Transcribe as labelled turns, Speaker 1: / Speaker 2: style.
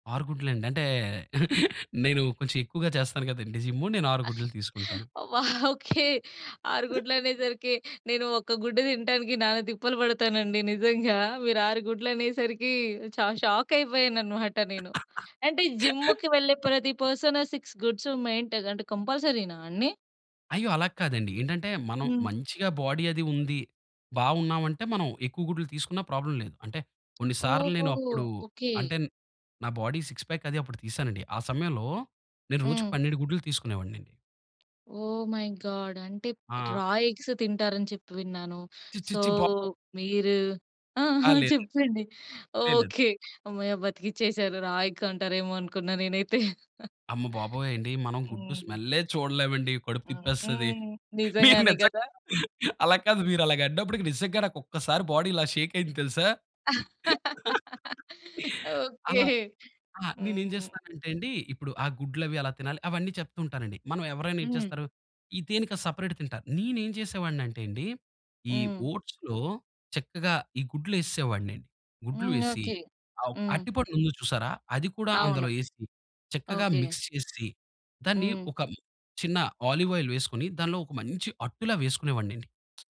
Speaker 1: 6 గుడ్లండి. అంటే, నేను కొంచెం ఎక్కువగా చేస్తాను కదండీ జిమ్ము. నేను 6 గుడ్లు తీసుకుంటాను.
Speaker 2: ఆ! ఓకే. 6 గుడ్లనేసరికి, నేను ఒక గుడ్డు తినటానికి నానా తిప్పలు పడతానండి నిజంగా. మీరు 6 గుడ్లనేసరికి చ షాక్ అయిపోయానన్నమాట నేను. అయితే జిమ్ముకి వెళ్ళే ప్రతి పర్సన్ 6 గుడ్స్ మెయింటైన్ అంటే కంపల్సరీనా అన్నీ?
Speaker 1: అయ్యో! అలా కాదండి. ఏంటంటే, మనం
Speaker 2: హ్మ్.
Speaker 1: మంచిగా బాడీ అది ఉంది. బాగున్నామంటే మనం ఎక్కువ గుడ్లు తీసుకున్నా ప్రాబ్లమ్ లేదు. అంటే కొన్ని సార్లు
Speaker 2: ఓహో!
Speaker 1: నేనప్పుడు
Speaker 2: ఓకే.
Speaker 1: అంటే నా బాడీ సిక్స్ పాక్ అది అప్పుడు తీసానండి. ఆ సమయంలో నేను రోజుకి
Speaker 2: హ్మ్.
Speaker 1: 12 గుడ్లు తీసుకునేవాన్నండి.
Speaker 2: ఓహ్! My God. అంటే
Speaker 1: ఆ!
Speaker 2: రా ఎగ్స్ తింటారని చెప్పి విన్నాను.
Speaker 1: ఛి, ఛి,
Speaker 2: సో,
Speaker 1: ఛి. బాగోదు.
Speaker 2: మీరు ఆ!
Speaker 1: ఆ!
Speaker 2: ఆ!
Speaker 1: లేదండి.
Speaker 2: చెప్పండి.
Speaker 1: లేలేదు.
Speaker 2: ఓకే. హమ్మయ్య బతికించేసారు. రా ఎగ్ అంటారేమో అనుకున్నా నేనైతే.
Speaker 1: అమ్మ బాబోయండి మనం గుడ్డు
Speaker 2: హ్మ్.
Speaker 1: స్మెల్లే చూడలేమండి. కడుపు
Speaker 2: హ్మ్.
Speaker 1: తిప్పేస్తది.
Speaker 2: హ్మ్.
Speaker 1: మీరు
Speaker 2: నిజంగానే
Speaker 1: నిజంగా
Speaker 2: గదా!
Speaker 1: అలా కాదు, మీరు అలాగా అన్నప్పటికి నిజంగా నాక్కొక్కసారి బాడీ ఇలా షేకయింది తెలుసా?
Speaker 2: ఓకే.
Speaker 1: అలా ఆ! నేనేం
Speaker 2: హ్మ్.
Speaker 1: జేస్తానంటే అండి. ఇప్పుడు ఆ గుడ్లు అవి ఎలా తినాలి, అవన్నీ చెప్తూ ఉంటానండి. మనం ఎవరైనా ఏం
Speaker 2: హ్మ్.
Speaker 1: చేస్తారు, ఇ దేన్నికది సెపరేట్ తింటారు. నేనేం జేసేవాడినటెండి. ఈ
Speaker 2: హ్మ్.
Speaker 1: ఓట్స్‌లో చక్కగా ఈ గుడ్లు ఏసేసేవాడ్నండి. గుడ్లు
Speaker 2: హ్మ్.
Speaker 1: వేసి,
Speaker 2: ఓకే.
Speaker 1: అవ్
Speaker 2: హ్మ్.
Speaker 1: అరటిపండు ఉంది చూసారా? అది కూడా
Speaker 2: అవును.
Speaker 1: అందులో ఏసి చక్కగా
Speaker 2: ఓకే.
Speaker 1: మిక్స్ చేసి, దాన్ని
Speaker 2: హ్మ్.
Speaker 1: ఒక చిన్న ఒలివ్ ఆయిల్ వేసుకొని దానిలో ఒక మంచి అట్టులా వేసుకునేవాన్నండి.